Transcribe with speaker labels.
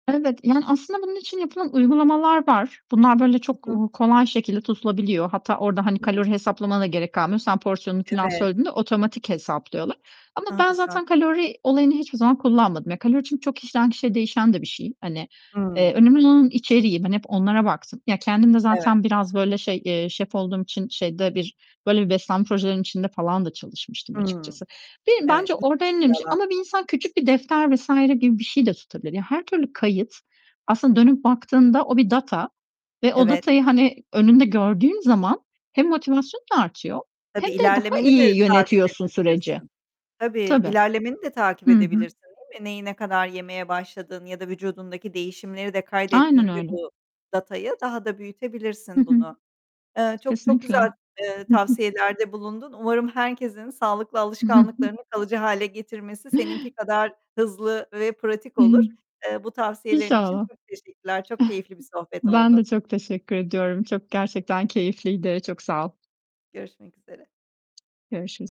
Speaker 1: Evet, yani, aslında bunun için yapılan uygulamalar var. Bunlar böyle
Speaker 2: Hı
Speaker 1: çok,
Speaker 2: hı.
Speaker 1: uuu, kolay şekilde tutulabiliyor. Hatta orada, hani,
Speaker 2: [unintelligible]
Speaker 1: kalori hesaplamana da gerek kalmıyor. Sen porsiyonunu filan,
Speaker 2: Evet.
Speaker 1: söylediğinde, otomatik hesaplıyorlar ama
Speaker 2: Ha,
Speaker 1: ben
Speaker 2: güzel.
Speaker 1: zaten kalori olayını hiçbir zaman kullanmadım. Ya, kalori, çünkü kişiden kişiye değişen de bir şey. Hani, eee,
Speaker 2: Hıı.
Speaker 1: önemli olan içeriği, ben hep onlara baktım. Ya, kendim de
Speaker 2: Evet.
Speaker 1: zaten biraz böyle şey, eee, şef olduğum için şeyde bir, böyle bir beslenme projelerinin içinde falan da çalışmıştım
Speaker 2: Hıı.
Speaker 1: açıkçası. Beni
Speaker 2: Evet.
Speaker 1: bence orada en önemli şey
Speaker 2: Yalan.
Speaker 1: ama bir insan küçük bir defter vs. gibi bir şey de tutabilir. Ya, her türlü kayıt, aslında dönüp baktığında, o bir data ve o
Speaker 2: Evet.
Speaker 1: datayı, hani, önünde gördüğün zaman, hem motivasyon da artıyor,
Speaker 2: Tabii,
Speaker 1: hem de daha
Speaker 2: ilerlemeni
Speaker 1: iyi
Speaker 2: de takip
Speaker 1: yönetiyorsun süreci.
Speaker 2: edebilirsin. Tabii,
Speaker 1: Tabii.
Speaker 2: ilerlemeni de takip
Speaker 1: Hı hı.
Speaker 2: edebilirsin değil mi? Neyi, ne kadar yemeye başladığın ya da vücudundaki değişimleri de
Speaker 1: Aynen
Speaker 2: kaydettiğinde
Speaker 1: öyle.
Speaker 2: bu datayı, daha da
Speaker 1: Hı
Speaker 2: büyütebilirsin
Speaker 1: hı.
Speaker 2: bunu. Eee, çok çok
Speaker 1: Kesinlikle.
Speaker 2: güzel
Speaker 1: Hı hı.
Speaker 2: tavsiyelerde bulundun. Umarım herkesin sağlıklı
Speaker 1: I hı hı.
Speaker 2: alışkanlıklarını kalıcı hâle getirmesi, seninki kadar hızlı ve pratik
Speaker 1: Hıı.
Speaker 2: olur. Eee, bu tavsiyelerin için
Speaker 1: İnşallah.
Speaker 2: çok teşekkürler. Çok keyifli bir sohbet
Speaker 1: Ben de
Speaker 2: oldu.
Speaker 1: çok teşekkür ediyorum. Çok gerçekten keyifliydi. Çok sağ ol.
Speaker 2: Görüşmek üzere.
Speaker 1: Görüşürüz.